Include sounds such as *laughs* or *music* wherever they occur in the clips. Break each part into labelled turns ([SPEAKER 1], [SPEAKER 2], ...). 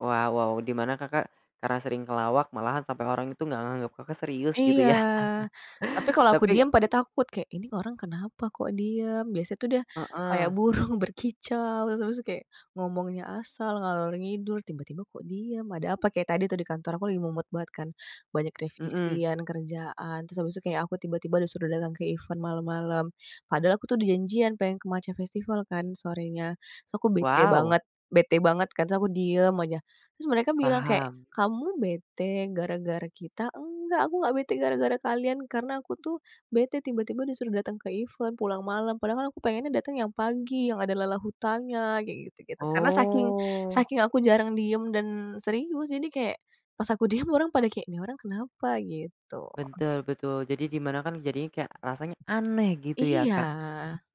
[SPEAKER 1] Wow wow, di mana Kakak, karena sering ngelawak, malahan sampai orang itu enggak nganggap Kakak, serius gitu
[SPEAKER 2] Iya,
[SPEAKER 1] ya.
[SPEAKER 2] tapi
[SPEAKER 1] *chuckles*
[SPEAKER 2] kalo aku
[SPEAKER 1] Tapi
[SPEAKER 2] diem pada takut, kayak "ini orang kenapa kok diem, biasa tuh dia kayak
[SPEAKER 1] Heeh.
[SPEAKER 2] burung, berkicau, terus terus kayak ngomongnya asal, ngalor ngidul, tiba-tiba kok diam, ada apa." Kayak tadi tuh di kantor aku lagi mumet banget kan, banyak
[SPEAKER 1] Mhm.
[SPEAKER 2] revisian, kerjaan, terus habis itu kayak aku tiba-tiba udah datang ke event malam-malam, padahal aku tuh udah janjian, pengen ke Matcha Festival kan sorenya, terus aku bete
[SPEAKER 1] Wow.
[SPEAKER 2] banget bete banget kan, terus aku diem aja, terus mereka bilang kayak
[SPEAKER 1] Paham.
[SPEAKER 2] "Kamu bete gara-gara kita?" "Enggak aku enggak bete gara-gara kalian, karena aku tuh bete tiba-tiba disuruh datang ke event pulang malam, padahal kan aku pengennya datang yang pagi yang ada lala hutannya," kayak gitu-gitu, karena saking
[SPEAKER 1] Oh.
[SPEAKER 2] saking aku jarang diem dan serius, jadi kayak pas aku diem orang pada kayak "Nih orang kenapa?" gitu.
[SPEAKER 1] Betul betul, jadi di mana kan, jadinya kayak rasanya aneh gitu ya
[SPEAKER 2] Iya.
[SPEAKER 1] Kak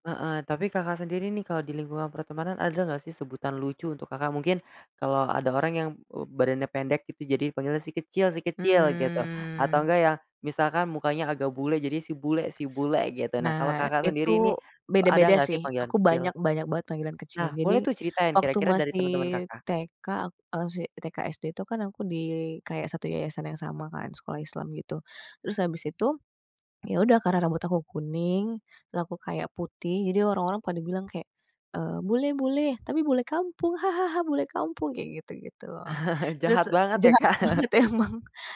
[SPEAKER 1] heeh. Tapi, Kakak, sendiri nih kalau di lingkungan pertemanan ada enggak sih sebutan lucu untuk Kakak, Mungkin kalau ada orang yang, eee, badannya pendek gitu jadi panggilnya si kecil si kecil gitu, atau
[SPEAKER 2] Mmm.
[SPEAKER 1] enggak yang misalkan mukanya agak bule, jadi si bule si bule gitu. Nah, kalau
[SPEAKER 2] Nah,
[SPEAKER 1] Kakak,
[SPEAKER 2] itu
[SPEAKER 1] sendiri nih, ada
[SPEAKER 2] beda-beda
[SPEAKER 1] enggak sih
[SPEAKER 2] sih,
[SPEAKER 1] panggilan
[SPEAKER 2] aku
[SPEAKER 1] kecil?
[SPEAKER 2] banyak banyak banget panggilan kecil.
[SPEAKER 1] Nah,
[SPEAKER 2] Jadi,
[SPEAKER 1] boleh tuh ceritain
[SPEAKER 2] waktu
[SPEAKER 1] kira-kira dari
[SPEAKER 2] masih
[SPEAKER 1] teman-teman Kakak.
[SPEAKER 2] TK, a masih TK SD itu, kan aku di kayak satu yayasan yang sama kan, sekolah Islam gitu, terus habis itu, ya udah karena rambut aku kuning, terus aku kayak putih jadi orang-orang pada bilang kayak, eee, "Bule bule, tapi bule kampung, *chuckles* bule kampung," kayak gitu-gitu.
[SPEAKER 1] *chuckles*
[SPEAKER 2] Terus
[SPEAKER 1] Jahat banget ya
[SPEAKER 2] jahat
[SPEAKER 1] Kak.
[SPEAKER 2] banget
[SPEAKER 1] *laughs*
[SPEAKER 2] emang,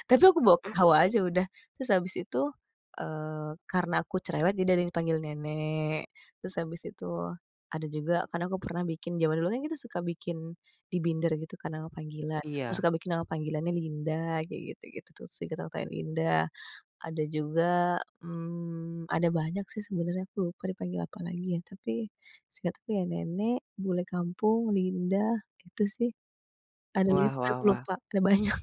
[SPEAKER 2] tapi aku bawa ketawa aja udah, terus habis itu, eee, karena aku cerewet, jadi ada yang panggil "nenek," terus habis itu ada juga, kan aku pernah bikin zaman dulu kan kita suka bikin di binder gitu kan nama panggilan, aku suka
[SPEAKER 1] Iya.
[SPEAKER 2] bikin nama panggilannya "Linda" kayak gitu-gitu sih, kata aku kayak "Linda," ada juga mmm, ada banyak sih sebenarnya, aku lupa dipanggil apalagi ya, tapi seingetku ya "nenek," "bule kampung," "Linda" itu sih. Ada
[SPEAKER 1] Wah
[SPEAKER 2] banyak tapi
[SPEAKER 1] wah
[SPEAKER 2] aku
[SPEAKER 1] wah.
[SPEAKER 2] lupa, ada banyak.